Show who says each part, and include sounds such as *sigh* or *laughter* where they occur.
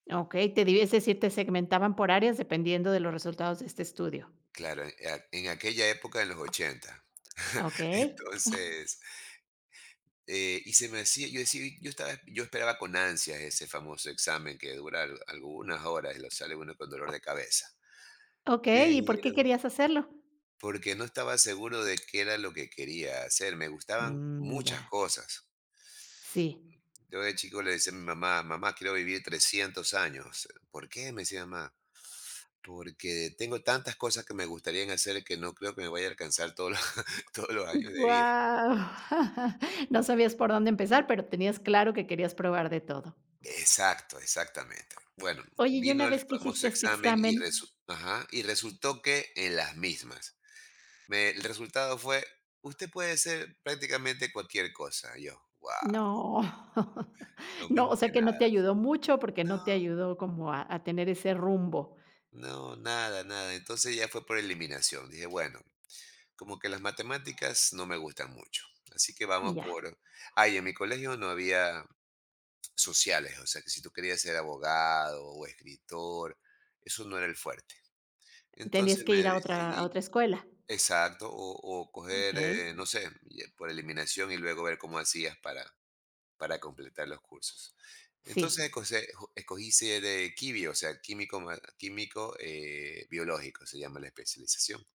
Speaker 1: Okey, te divi es decir, te segmentaban por áreas dependiendo de los resultados de este estudio.
Speaker 2: Claro e a, en aquella época en los 80. *chuckles*
Speaker 1: Okey. *chuckles*
Speaker 2: Entonces, eh, y se me decía, yo decía, yo estaba, yo esperaba con ansias ese famoso examen que dura al algunas horas, y lo sale uno con dolor de cabeza.
Speaker 1: Okey,
Speaker 2: Pero
Speaker 1: ¿y por qué querías hacerlo?
Speaker 2: porque no estaba seguro de qué era lo que quería hacer, me gustaban
Speaker 1: Mm,
Speaker 2: muchas
Speaker 1: ya.
Speaker 2: cosas.
Speaker 1: Sí.
Speaker 2: Yo de chico le decía a mi mamá: "Mamá, quiero vivir 300 años". "¿Por qué?", me decía mamá. "Porque tengo tantas cosas que me gustarían hacer que no creo que me vaya a alcanzar todos los todos los años de vida".
Speaker 1: Guau. No sabías por dónde empezar pero tenías claro que querías probar de todo.
Speaker 2: Exacto, exactamente. Bueno,
Speaker 1: Oye, y una
Speaker 2: vino el
Speaker 1: vez que hiciste
Speaker 2: famoso
Speaker 1: este
Speaker 2: examen, y
Speaker 1: examen.
Speaker 2: resu ajá, y resultó que en las mismas. Me, el resultado fue: "Usted puede ser prácticamente cualquier cosa". Y yo: "Guau".
Speaker 1: No.
Speaker 2: Lo
Speaker 1: No, o
Speaker 2: mismo
Speaker 1: sea
Speaker 2: que
Speaker 1: que no
Speaker 2: nadas.
Speaker 1: te ayudó mucho, porque no
Speaker 2: No.
Speaker 1: te ayudó como a a tener ese rumbo.
Speaker 2: No, nada, nada. Entonces, ya fue por eliminación. Dije: "Bueno, como que las matemáticas no me gustan mucho así que vamos
Speaker 1: Ya.
Speaker 2: por". Ah, y en mi colegio no había sociales. O sea que si tú querías ser abogado o escritor, eso no era el fuerte.
Speaker 1: ¿Tenías
Speaker 2: Entonces,
Speaker 1: que ir
Speaker 2: me
Speaker 1: a otra a
Speaker 2: decidí.
Speaker 1: otra escuela?
Speaker 2: Exacto, o o coger,
Speaker 1: Okey.
Speaker 2: eh, no sé, por eliminación y luego ver cómo hacías para para completar los cursos.
Speaker 1: Sí.
Speaker 2: Entonces escog escogí ser de "QUIBIO", o sea, químico ma químico, eh, biológico, se llama la especialización.